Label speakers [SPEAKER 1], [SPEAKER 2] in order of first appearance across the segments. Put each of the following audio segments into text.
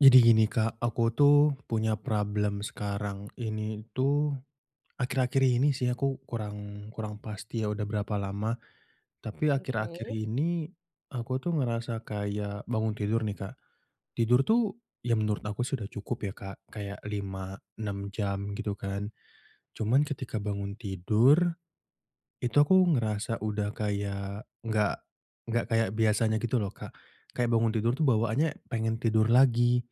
[SPEAKER 1] Jadi gini Kak, aku tuh punya problem sekarang ini tuh, akhir-akhir ini sih aku kurang kurang pasti ya udah berapa lama, tapi akhir-akhir
[SPEAKER 2] Oke.
[SPEAKER 1] ini aku tuh ngerasa kayak bangun tidur nih Kak, tidur tuh ya menurut aku sudah cukup ya Kak. Kayak 5 6 jam gitu kan. Cuman ketika bangun tidur, itu aku ngerasa udah kayak gak gak kayak biasanya gitu loh Kak. Kayak bangun tidur tuh bawaannya pengen tidur lagi,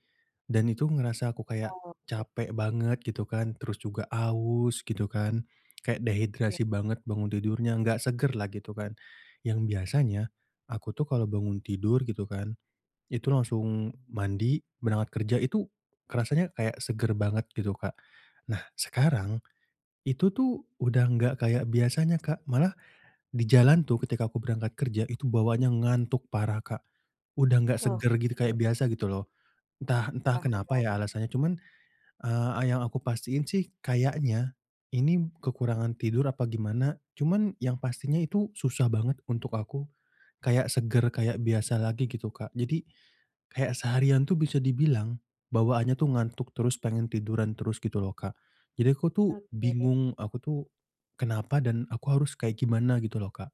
[SPEAKER 1] dan itu ngerasa aku kayak
[SPEAKER 2] Oke.
[SPEAKER 1] capek banget gitu kan, terus juga aus gitu kan, kayak
[SPEAKER 2] Ya.
[SPEAKER 1] dehidrasi banget bangun tidurnya, nggak segar lah gitu kan. Yang biasanya, aku tuh kalau bangun tidur gitu kan itu langsung mandi, berangkat kerja itu rasanya kayak segar banget gitu Kak. Nah sekarang, itu tuh udah gak kayak biasanya Kak, malah di jalan tuh ketika aku berangkat kerja itu bawaannya ngantuk parah Kak udah nggak segar gitu kayak
[SPEAKER 2] Oke.
[SPEAKER 1] biasa gitu loh. Entah entah kenapa
[SPEAKER 2] Paham.
[SPEAKER 1] ya alasannya cuman, eee, a yang aku pastiin sih kayaknya ini kekurangan tidur apa gimana cuman yang pastinya itu susah banget untuk aku kayak segar kayak biasa lagi gitu Kak. Jadi, kayak seharian tuh bisa dibilang bawaannya tuh ngantuk terus pengen tiduran terus gitu loh Kak. Jadi aku tuh
[SPEAKER 2] Oke.
[SPEAKER 1] bingung aku tuh kenapa dan aku harus kayak gimana gitu loh Kak?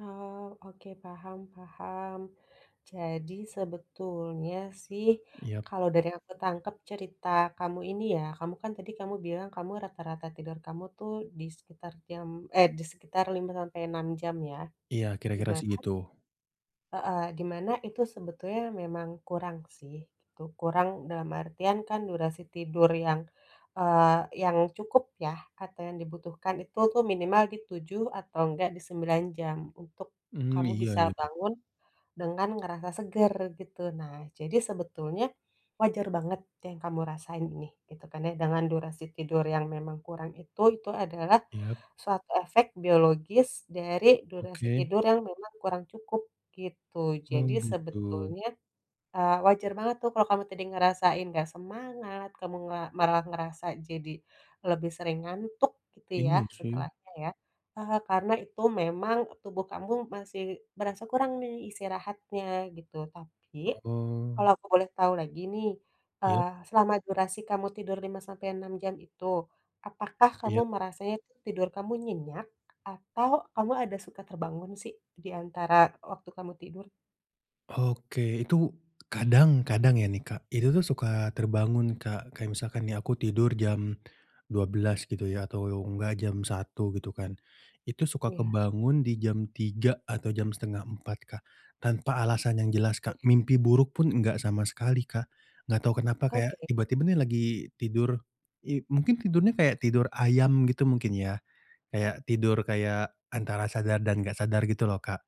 [SPEAKER 2] Oh, oke, paham paham. Jadi sebetulnya sih
[SPEAKER 1] Yap.
[SPEAKER 2] kalau dari yang aku tangkap cerita kamu ini ya kamu kan tadi kamu bilang kamu rata-rata tidur kamu tuh di sekitar jam eh, di sekitar 5 sampai 6 jam ya,
[SPEAKER 1] Iya,
[SPEAKER 2] di
[SPEAKER 1] kira-kira
[SPEAKER 2] mana
[SPEAKER 1] segitu.
[SPEAKER 2] heeh, di mana itu sebetulnya memang kurang sih itu. Kurang dalam artian kan durasi tidur yang, eee, yang cukup ya atau yang dibutuhkan itu tuh minimal di 7 atau nggak di 9 jam untuk
[SPEAKER 1] Mmm,
[SPEAKER 2] kamu
[SPEAKER 1] iya
[SPEAKER 2] bisa
[SPEAKER 1] iya.
[SPEAKER 2] bangun dengan ngerasa segar gitu. Nah jadi sebetulnya wajar banget yang kamu rasain nih gitu kan ya. Dengan durasi tidur yang memang kurang itu, itu adalah
[SPEAKER 1] Iya.
[SPEAKER 2] suatu efek biologis dari durasi
[SPEAKER 1] Oke.
[SPEAKER 2] tidur yang memang kurang cukup gitu.
[SPEAKER 1] Oh,
[SPEAKER 2] Jadi
[SPEAKER 1] gitu.
[SPEAKER 2] sebetulnya, eee, wajar banget tuh kalau kamu tadi ngerasain nggak semangat, kamu nga marah ngerasa jadi lebih sering ngantuk gitu ya
[SPEAKER 1] Iya, sih.
[SPEAKER 2] setelahnya ya. Eee, karena itu memang tubuh kamu masih berasa kurang nih istirahatnya gitu. Tapi kalau
[SPEAKER 1] Oh.
[SPEAKER 2] aku boleh tau lagi nih,
[SPEAKER 1] Ya.
[SPEAKER 2] eee, selama durasi kamu tidur 5 sampai 6 jam itu, apakah
[SPEAKER 1] Iya.
[SPEAKER 2] kamu merasanya tuh tidur kamu nyenyak atau kamu ada suka terbangun sih di antara waktu kamu tidur?
[SPEAKER 1] Oke. Itu, kadang kadang ya nih, Kak. Itu tuh, suka terbangun Kak, kayak misalkan nih aku tidur jam 12:00 gitu ya atau engga jam 1:00, gitu kan. Itu, suka
[SPEAKER 2] Iya.
[SPEAKER 1] kebangun di jam 3:00 atau jam 3:30, Kak. Tanpa alasan yang jelas, Kak,
[SPEAKER 2] [unintelligible]
[SPEAKER 1] mimpi buruk pun enggak sama sekali, Kak. Gak tahu kenapa kayak,
[SPEAKER 2] Oke.
[SPEAKER 1] tiba-tiba nih lagi tidur, i mungkin tidurnya kayak tidur ayam gitu mungkin ya? Kayak tidur, kayak antara sadar dan gak sadar gitu loh, Kak.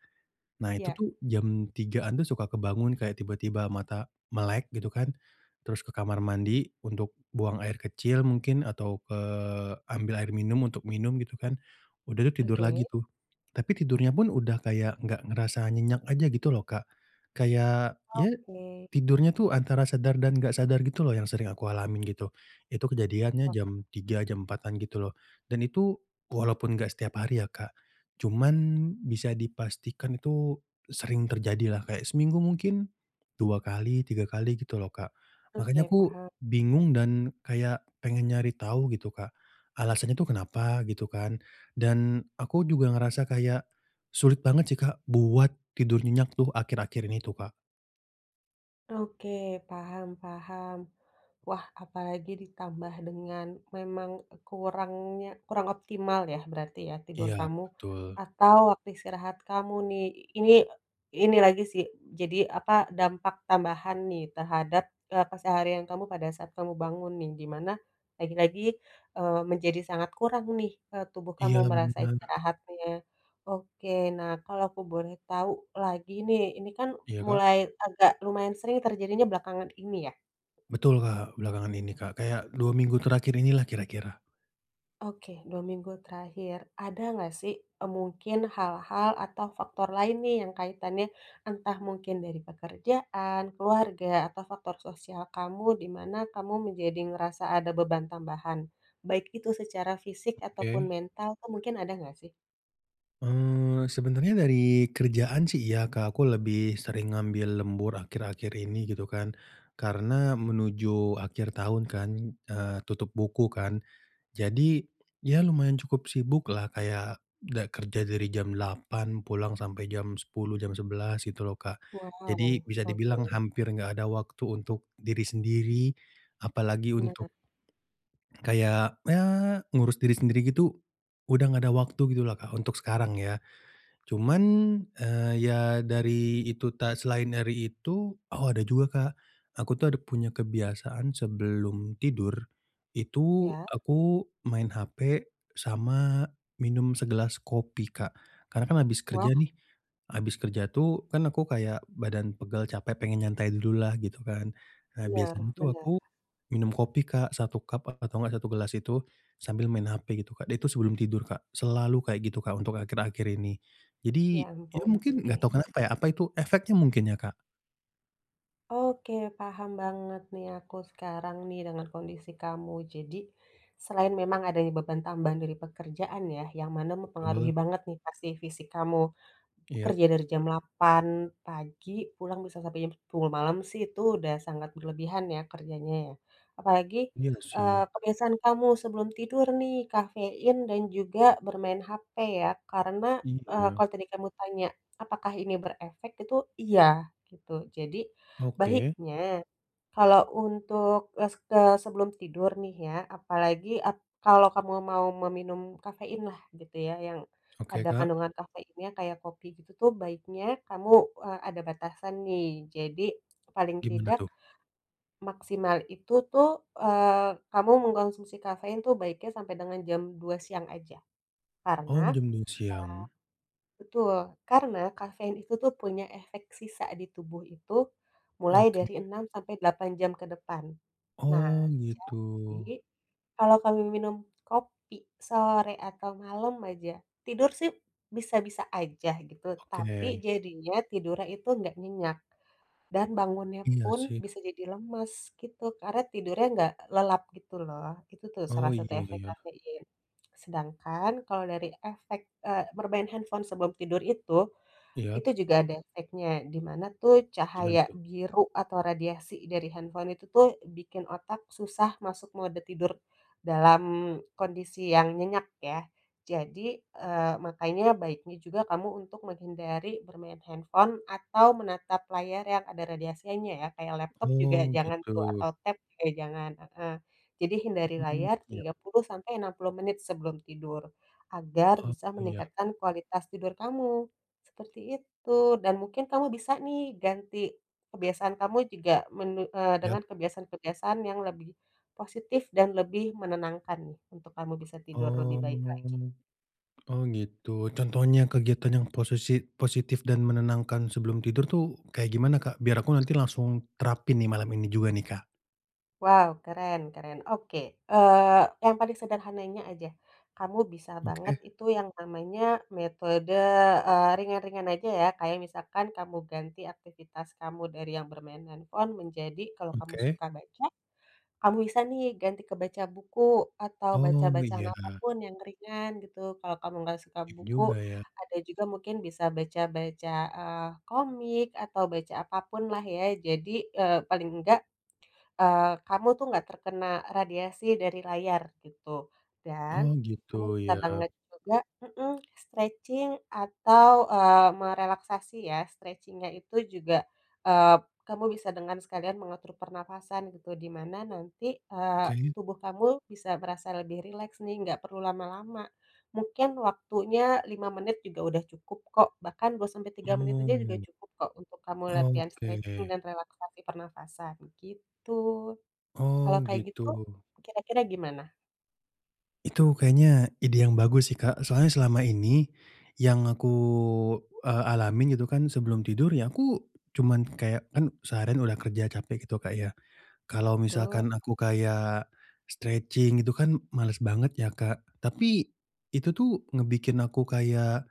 [SPEAKER 1] Nah, itu
[SPEAKER 2] Iya.
[SPEAKER 1] tuh jam 3:00-an tuh suka kebangun kayak tiba-tiba mata melek gitu kan, terus ke kamar mandi untuk buang air kecil mungkin atau ke ambil air minum untuk minum gitu kan. Udah tuh, tidur lagi
[SPEAKER 2] Oke.
[SPEAKER 1] tuh, tapi tidurnya pun sudah kayak nggak ngerasa nyenyak aja gitu loh, Kak. Kayak ya,
[SPEAKER 2] Oke.
[SPEAKER 1] tidurnya itu antara sadar dan nggak sadar gitu loh yang sering aku alamin, gitu. Itu kejadiannya,
[SPEAKER 2] Oh.
[SPEAKER 1] jam 3:00, jam 4:00-an gitu loh, dan itu, walaupun nggak setiap hari ya, Kak. Cuman, bisa dipastikan itu sering terjadi lah kayak seminggu mungkin 2 kali, 3 kali, gitu loh Kak. Makanya
[SPEAKER 2] Oke,
[SPEAKER 1] aku,
[SPEAKER 2] paham.
[SPEAKER 1] bingung dan kayak pengen nyari tahu, gitu Kak. Alasannya itu kenapa, gitu kan dan aku juga ngerasa kayak, sulit banget sih Kak, buat tidur nyenyak tuh akhir-akhir ini tuh, Kak.
[SPEAKER 2] Oke, paham paham. Wah, apalagi ditambah dengan memang, kurangnya kurang optimal ya, berarti ya, tidur
[SPEAKER 1] Iya,
[SPEAKER 2] kamu
[SPEAKER 1] betul.
[SPEAKER 2] atau waktu istirahat kamu, nih. Ini ini lagi sih, jadi apa, dampak tambahan nih. Terhadap, eee, keseharian kamu pada saat kamu bangun nih, di mana, lagi-lagi, eee, menjadi sangat kurang nih, eee, tubuh kamu
[SPEAKER 1] Iyalah,
[SPEAKER 2] merasa
[SPEAKER 1] benar.
[SPEAKER 2] istirahatnya. Oke, nah kalau aku boleh tahu lagi nih. Ini kan,
[SPEAKER 1] Iya, Kak?
[SPEAKER 2] mulai agak lumayan sering terjadinya belakangan ini, ya?
[SPEAKER 1] Betul Kak, belakangan ini Kak, kayak, dua minggu terakhir ini lah, kira-kira.
[SPEAKER 2] Oke, 2 minggu terakhir. Ada nggak sih, eee, mungkin hal-hal atau faktor lain nih, yang kaitannya entah mungkin dari pekerjaan, keluarga, atau faktor sosial kamu, di mana kamu menjadi ngerasa ada beban tambahan? Baik itu secara fisik, ataupun
[SPEAKER 1] Oke.
[SPEAKER 2] mental tuh. Mungkin ada nggak, sih?
[SPEAKER 1] Eee, sebenarnya dari kerjaan, sih, iya, Kak. Aku lebih sering ngambil lembur, akhir-akhir ini, gitu kan. Karena, menuju akhir tahun, kan, eee, tutup buku, kan. Jadi, ya lumayan cukup sibuk lah, kayak da kerja dari jam 8.00, pulang sampai jam 10.00 jam 11.00, gitu loh, Kak. Jadi,
[SPEAKER 2] Wow,
[SPEAKER 1] bisa dibilang,
[SPEAKER 2] oke.
[SPEAKER 1] hampir nggak ada waktu untuk diri sendiri, apalagi
[SPEAKER 2] Benar.
[SPEAKER 1] untuk, kayak, eee, ngurus diri sendiri gitu, udah nggak ada waktu, gitulah, Kak, untuk sekarang, ya. Cuman, eee, ya, dari itu ta selain dari itu oh, ada juga, Kak. Aku tuh, ada punya kebiasaan, sebelum tidur, itu,
[SPEAKER 2] Iya.
[SPEAKER 1] aku main hape, sama minum segelas kopi, Kak. Karena, kan, abis
[SPEAKER 2] Wah.
[SPEAKER 1] kerja, nih, abis kerja tuh, kan aku kayak badan pegal, capek, pengen nyantai dulu lah, gitu kan. Nah,
[SPEAKER 2] Bener
[SPEAKER 1] biasanya tuh,
[SPEAKER 2] bener.
[SPEAKER 1] aku, minum kopi, Kak, 1 cup, a atau nggak 1 gelas itu, sambil main hape, gitu, Kak. Dan itu, sebelum tidur, Kak. Selalu kayak gitu, Kak, untuk akhir-akhir ini.
[SPEAKER 2] Ya
[SPEAKER 1] Jadi, ya
[SPEAKER 2] ampun,
[SPEAKER 1] mungkin, nggak
[SPEAKER 2] oke.
[SPEAKER 1] tahu kenapa, ya. Apa itu, efeknya mungkin, ya, Kak?
[SPEAKER 2] Oke, paham banget, nih, aku sekarang nih, dengan kondisi kamu. Jadi, selain memang adanya beban tambahan dari pekerjaan, ya, yang mana mempengaruhi
[SPEAKER 1] Kobel.
[SPEAKER 2] banget, nih, pasti, fisik kamu. B
[SPEAKER 1] Iyap.
[SPEAKER 2] kerja dari jam 8.00 pagi, pulang bisa sampai jam 10.00 malam, sih, itu udah sangat berlebihan ya, kerjanya, ya. Apalagi,
[SPEAKER 1] Iya,
[SPEAKER 2] eee,
[SPEAKER 1] sih.
[SPEAKER 2] kebiasaan kamu sebelum tidur, nih, kafein dan juga bermain hape, ya. Karena, eee,
[SPEAKER 1] Iya.
[SPEAKER 2] kalau tadi kamu tanya, apakah ini berefek, itu, iya, gitu. Jadi,
[SPEAKER 1] Oke.
[SPEAKER 2] baiknya, kalau untuk es kes sebelum tidur nih, ya, apalagi ap kalau kamu mau meminum kafein lah, gitu ya, yang
[SPEAKER 1] Oke,
[SPEAKER 2] ada
[SPEAKER 1] Kak.
[SPEAKER 2] kandungan kafeinnya, kayak kopi gitu, tuh, baiknya, kamu, eee, ada batasan, nih. Jadi, paling
[SPEAKER 1] Gimana,
[SPEAKER 2] tidak,
[SPEAKER 1] tuh?
[SPEAKER 2] maksimal itu tuh, eee, kamu mengkonsumsi kafein tuh, baiknya sampai dengan jam 2.00 siang aja.
[SPEAKER 1] Oh,
[SPEAKER 2] Karena a
[SPEAKER 1] jam-jam siang?
[SPEAKER 2] betul. Karena, kafein itu tuh, punya efek sisa di tubuh itu mulai
[SPEAKER 1] Oke.
[SPEAKER 2] dari 6 sampai 8 jam ke depan.
[SPEAKER 1] Oh,
[SPEAKER 2] Nah,
[SPEAKER 1] gitu.
[SPEAKER 2] jadi, kalau kamu minum kopi sore atau malem aja, tidur, sih, bisa-bisa aja, gitu.
[SPEAKER 1] Oke,
[SPEAKER 2] Tapi,
[SPEAKER 1] deh.
[SPEAKER 2] jadinya, tidurnya itu nggak nyenyak. Dan bangunnya
[SPEAKER 1] Iya,
[SPEAKER 2] pun,
[SPEAKER 1] sih.
[SPEAKER 2] bisa jadi lemes, gitu. Karena, tidurnya nggak lelap, gitu loh. Itu tuh, salah
[SPEAKER 1] Oh,
[SPEAKER 2] satu
[SPEAKER 1] iya, ya
[SPEAKER 2] efek
[SPEAKER 1] ya.
[SPEAKER 2] kafein. Sedangkan, kalau dari efek, eee, bermain handphone sebelum tidur itu,
[SPEAKER 1] Iyap.
[SPEAKER 2] itu juga ada efeknya. Di mana, tuh,
[SPEAKER 1] Gimana,
[SPEAKER 2] cahaya
[SPEAKER 1] tuh?
[SPEAKER 2] biru atau radiasi dari handphone itu tuh, bikin otak susah masuk mode tidur, dalam kondisi yang nyenyak, ya. Jadi, eee, makanya, baiknya juga, kamu untuk menghindari bermain handphone, atau menatap layar yang ada radiasinya, ya. Kayak laptop juga
[SPEAKER 1] Oh,
[SPEAKER 2] jangan, tuh.
[SPEAKER 1] gitu.
[SPEAKER 2] Atau tab juga jangan heeh. Jadi, hindari
[SPEAKER 1] Mhm,
[SPEAKER 2] layar,
[SPEAKER 1] iyap.
[SPEAKER 2] 30 sampai 60 menit sebelum tidur. Agar,
[SPEAKER 1] Oh,
[SPEAKER 2] bisa
[SPEAKER 1] ya.
[SPEAKER 2] meningkatkan kualitas tidur kamu. Seperti itu. Dan mungkin, kamu bisa nih, ganti kebiasaan kamu juga mene eee,
[SPEAKER 1] Yap.
[SPEAKER 2] dengan kebiasaan-kebiasaan yang lebih positif dan lebih menenangkan, nih, untuk kamu bisa tidur lebih
[SPEAKER 1] Oh.
[SPEAKER 2] baik lagi.
[SPEAKER 1] Oh, gitu. Contohnya kegiatan yang posesi positif dan menenangkan sebelum tidur, tuh, kayak gimana, Kak? Biar aku nanti langsung terapin, nih, malam ini juga nih, Kak.
[SPEAKER 2] Wow, keren keren. Oke. Eee, yang paling sederhananya, aja. Kamu bisa banget
[SPEAKER 1] Oke.
[SPEAKER 2] itu yang namanya, metode, eee, ringan-ringan aja, ya, kayak misalkan kamu ganti aktivitas kamu dari yang bermain handphone menjadi, kalau kamu
[SPEAKER 1] Oke.
[SPEAKER 2] suka baca, kamu bisa, nih, ganti ke baca buku, atau baca
[SPEAKER 1] Oh,
[SPEAKER 2] bacaan
[SPEAKER 1] iya.
[SPEAKER 2] apa pun yang ringan, gitu. Kalau kamu nggak suka
[SPEAKER 1] Iya
[SPEAKER 2] buku,
[SPEAKER 1] juga, ya.
[SPEAKER 2] ada juga mungkin bisa baca-baca, eee, komik, atau baca apa pun, lah, ya. Jadi, eee, paling nggak, eee, kamu tuh nggak terkena radiasi dari layar, gitu. Dan,
[SPEAKER 1] Oh, gitu.
[SPEAKER 2] kamu bisa
[SPEAKER 1] Yap.
[SPEAKER 2] banget juga mhm, stretching, atau, eee, merelaksasi, ya. Stretching-nya itu juga, eee, b kamu bisa dengan sekalian mengatur pernafasan, gitu. Di mana, nanti, eee,
[SPEAKER 1] Oke.
[SPEAKER 2] tubuh kamu bisa merasa lebih rileks, nih. Nggak perlu lama-lama. Mungkin, waktunya 5 menit juga udah cukup, kok. Bahkan, 2 sampai 3 menit aja, juga
[SPEAKER 1] Oh.
[SPEAKER 2] cukup, kok, untuk kamu latihan stretching
[SPEAKER 1] Oke.
[SPEAKER 2] dan relaksasi pernafasan, gitu. Kalau
[SPEAKER 1] Oh,
[SPEAKER 2] kayak
[SPEAKER 1] gitu.
[SPEAKER 2] gitu, kira-kira gimana?
[SPEAKER 1] Itu kayaknya, ide yang bagus sih, Kak. Soalnya selama ini, yang aku, eee, alamin, gitu kan, sebelum tidur, ya aku, cuman kayak kan, seharian udah kerja, capek gitu, Kak, ya. Kalau
[SPEAKER 2] Betul.
[SPEAKER 1] misalkan aku kayak stretching, itu kan, malas banget ya, Kak. Tapi, itu tuh, ngebikin aku kayak,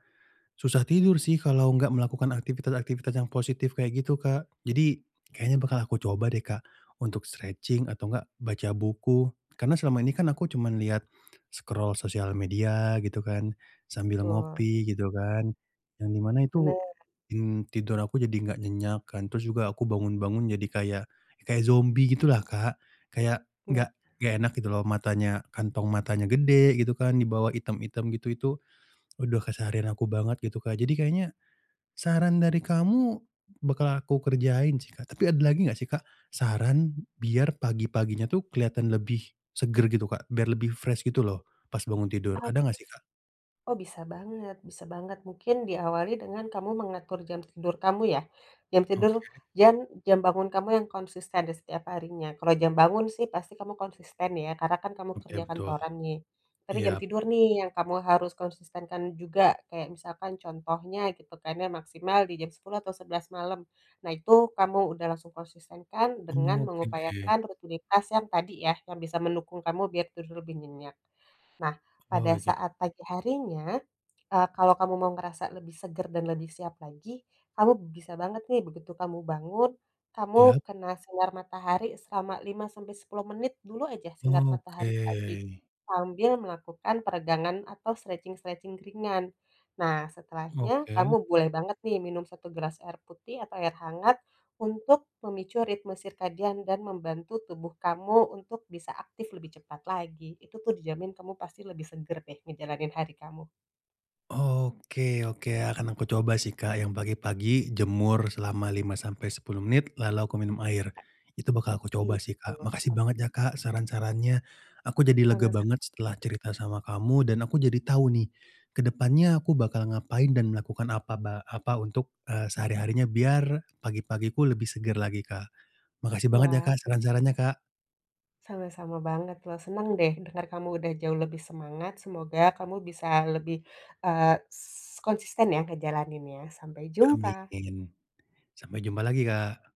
[SPEAKER 1] susah tidur sih, kalau nggak melakukan aktivitas-aktivitas yang positif kayak gitu, Kak. Jadi, kayaknya
[SPEAKER 2] Nah.
[SPEAKER 1] bakal aku coba deh, Kak, untuk stretching, atau nggak, baca buku. Karena, selama ini kan, aku cuman liat scroll sosial media, gitu kan, sambil
[SPEAKER 2] Betul.
[SPEAKER 1] ngopi, gitu kan. Yang di mana, itu,
[SPEAKER 2] Bener.
[SPEAKER 1] mmm, tidur aku jadi nggak nyenyak, kan. Terus juga, aku bangun-bangun jadi kayak kayak zombi gitulah, Kak. Kayak,
[SPEAKER 2] Nah.
[SPEAKER 1] nggak nggak enak, gitu loh. Matanya, kantong matanya gede, gitu kan, di bawah item-item gitu. Itu, waduh keseharian aku banget, gitu, Kak. Jadi kayaknya, saran dari kamu, bakal aku kerjain, sih, Kak. Tapi ada lagi nggak sih, Kak, saran, biar pagi-paginya tuh, kelihatan lebih segar, gitu, Kak. Biar lebih fresh gitu loh, pas bangun tidur. Ada
[SPEAKER 2] Oke.
[SPEAKER 1] nggak sih, Kak?
[SPEAKER 2] Oh, bisa banget, bisa banget. Mungkin, diawali dengan, kamu mengatur jam tidur kamu, ya. Jam tidur,
[SPEAKER 1] Oke.
[SPEAKER 2] dan jam bangun kamu yang konsisten, di setiap harinya. Kalau jam bangun, sih, pasti kamu konsisten, ya. Karena, kan, kamu
[SPEAKER 1] Oke,
[SPEAKER 2] kerja
[SPEAKER 1] betul, heeh.
[SPEAKER 2] kantoran, nih. Tapi jam
[SPEAKER 1] Iyap.
[SPEAKER 2] tidur nih, yang kamu harus konsistenkan juga. Kayak misalkan, contohnya, gitu kan, ya, maksimal di jam 10.00 atau 11.00 malam. Nah, itu, kamu udah langsung konsistenkan, dengan
[SPEAKER 1] Oke.
[SPEAKER 2] mengupayakan rutinitas yang tadi, ya, yang bisa mendukung kamu, biar tidur lebih nyenyak. Nah,
[SPEAKER 1] Oh,
[SPEAKER 2] pada
[SPEAKER 1] iya.
[SPEAKER 2] saat pagi harinya, eee, kalau kamu mau ngerasa lebih segar dan lebih siap lagi, kamu bisa banget, nih, begitu kamu bangun, kamu
[SPEAKER 1] Iyap.
[SPEAKER 2] kena sinar matahari selama 5 sampai 10 menit dulu, aja, sinar
[SPEAKER 1] Oke.
[SPEAKER 2] matahari pagi. Sambil melakukan peregangan, atau stretching-stretching ringan. Nah, setelahnya, kamu
[SPEAKER 1] Oke.
[SPEAKER 2] boleh banget, nih, minum 1 gelas air putih, atau air hangat, untuk memicu ritme sirkadian dan membantu tubuh kamu, untuk bisa aktif lebih cepat lagi. Itu, tuh, dijamin, kamu pasti lebih segar deh, ngejalanin hari kamu.
[SPEAKER 1] Oke oke, akan aku coba sih, Kak, yang pagi-pagi, jemur, selama 5 sampai 10 menit, lalu aku minum air.
[SPEAKER 2] A
[SPEAKER 1] Itu bakal aku
[SPEAKER 2] Iya,
[SPEAKER 1] coba, sih, Kak. Makasih
[SPEAKER 2] betul.
[SPEAKER 1] banget ya, Kak, saran-sarannya. Aku jadi lega
[SPEAKER 2] Sama-sama.
[SPEAKER 1] banget, setelah cerita sama kamu, dan aku jadi tahu, nih, ke depannya aku bakal ngapain dan melakukan apa ba apa untuk, eee, sehari-harinya, biar, pagi-pagiku lebih segar lagi, Kak. Makasih banget ya,
[SPEAKER 2] Wah,
[SPEAKER 1] Kak, saran-sarannya,
[SPEAKER 2] senang.
[SPEAKER 1] Kak.
[SPEAKER 2] Sama-sama banget, loh. Senang deh, dengar kamu udah jauh lebih semangat. Semoga, kamu bisa lebih, eee, s konsisten ya, ngejalaninnya. Sampai jumpa.
[SPEAKER 1] Amin. Sampai jumpa lagi, Kak.